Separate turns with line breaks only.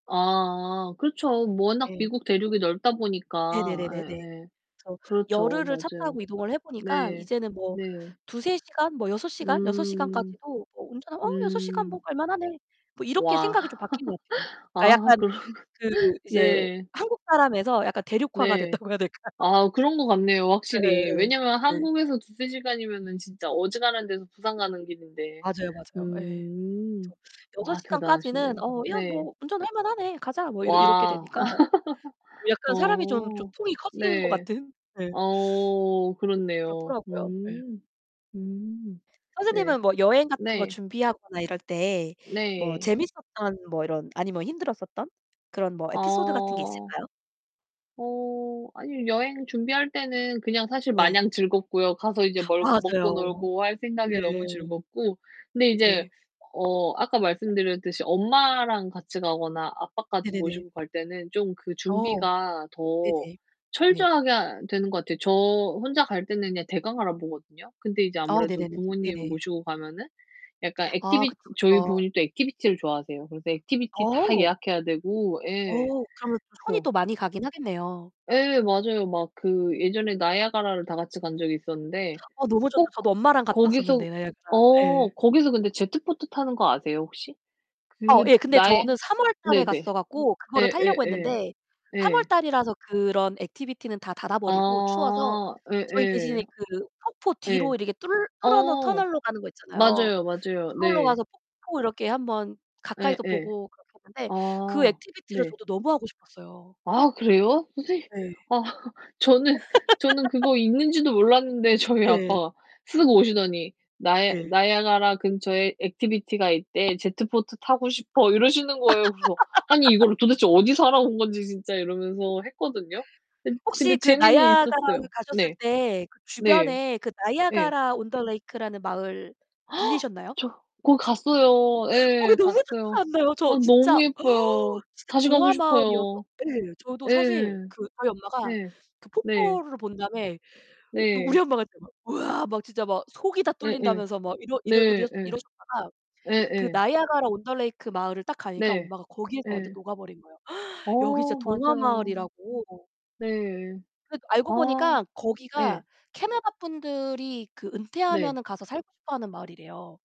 아 그렇죠. 워낙
네.
미국 대륙이 넓다 보니까.
네네네네네.
예예.
그래서
그렇죠.
열흘을 차
맞아요.
타고 이동을 해 보니까
네.
이제는 뭐
네.
2~3 시간? 뭐 6 시간? 6
음.
시간까지도 뭐 운전하면 '어 6 시간 뭐
음.
갈만하네.' 뭐 이렇게
와.
생각이 좀 바뀐 것 같아요. 그러니까
아
약간
그러고
그 이제
네.
한국 사람에서 약간 대륙화가
네.
됐다고 해야 될까요?
아 그런 것 같네요 확실히.
예예예.
왜냐하면
네.
한국에서 2-3 시간이면은 진짜 어지간한 데서 부산 가는 길인데.
맞아요, 맞아요. 예. 그쵸.
음.
6
와
시간까지는
대단하신데요.
'어 야
네.
뭐 운전할 만하네. 가자.' 뭐 이렇 이렇게
와.
되니까. 뭐 약간 사람이 좀 좀
어.
통이 커지는 것
네.
같은? 네.
어 그렇네요.
그렇더라고요. 예.
음. 음. 네.
선생님은 뭐 여행 같은 거
네.
준비하거나 이럴 때 뭐
네.
재밌었던 뭐 이런 아니면 힘들었었던? 그런 뭐 에피소드 같은 게
어.
있을까요?
어. 아니 여행 준비할 때는 그냥 사실
네.
마냥 즐겁고요. 가서 이제 뭘 먹고
맞아요.
놀고 할 생각에
네.
너무 즐겁고. 근데 인제
네.
어 아까 말씀드렸듯이 엄마랑 같이 가거나 아빠까지
네네네.
모시고 갈 때는 좀 그
어.
준비가 더
네네. 네.
철저하게 하 되는 것 같아요. 저 혼자 갈 때는 그냥 대강 알아보거든요. 근데 이제
어
아무래도
네네네.
부모님
네네.
모시고 가면은 약간
아
액티비티
그쵸,
저희
그쵸.
부모님은 또 액티비티를 좋아하세요. 그래서 액티비티 다
어.
예약해야 되고 예
어 그러면 손이
그래서
또 많이 가긴 하겠네요.
예 맞아요. 막 그 예전에 나이아가라를 다 같이 간 적이 있었는데
어 너무 좋죠.
꼭 거
저도 엄마랑 갔다
거기서
왔었는데 나이아가라.
어
예.
거기서 근데 제트 보트 타는 거 아세요 혹시?
어
그
예 근데
나의
저는 3 월 달에
네네.
갔어 갖고 그거를 타려고
예예예.
했는데 3 월
예.
달이라서 그런 액티비티는 다 닫아버리고 추워서
아
저희
예예.
대신에 그 폭포 뒤로
예.
이렇게 뚫 뚫어놓은
어.
터널로 가는 거 있잖아요.
맞아요, 맞아요
그걸로
네.
가서 폭포 이렇게 한번 가까이서
예예.
보고 그렇게 했는데
아
그 액티비티를
네.
저도 너무 하고 싶었어요.
아 그래요? 선생님
네.
아 저는 저는 그거 있는지도 몰랐는데 저희
예.
아빠가 쓱 오시더니 나이
네.
"나이아가라 근처에 액티비티가 있대. 제트 보트 타고 싶어." 이러시는 거예요. 그래서 '아니 이거를 도대체 어디서 알아온 건지 진짜.' 이러면서 했거든요. 근 근데
혹시 그
재미는 있었어요.
나이아가라를 가셨을
네.
때 그
네.
주변에 그
예.
Niagara-on-the-Lake라는 마을 들리셨나요?
저 거기 갔어요.
거기
예.
너무 좋지
갔어요.
않나요? 저
어
진짜
너무 예뻐요.
진짜
다시 가고
동화마을이어서
싶어요.
예. 저도 사실
예.
그 저희 엄마가
예.
그
네.
폭포를 본 다음에 뭐 우리
네.
엄마가 진짜 막 우와 막 진짜 막 속이 다
예예.
뚫린다면서 막 이러
네.
이러 이러
예.
이러셨다가 그
예예.
Niagara-on-the-Lake 마을을 딱 가니까
네.
엄마가 거기에서 완전
예.
녹아버린 거예요. 여기 진짜
어 맞아요.
동화마을이라고.
네.
그러니까 알고
아.
보니까
예.
거기가 캐나다 분들이 그
네.
은퇴하면은 가서 살고 싶어 하는 마을이래요.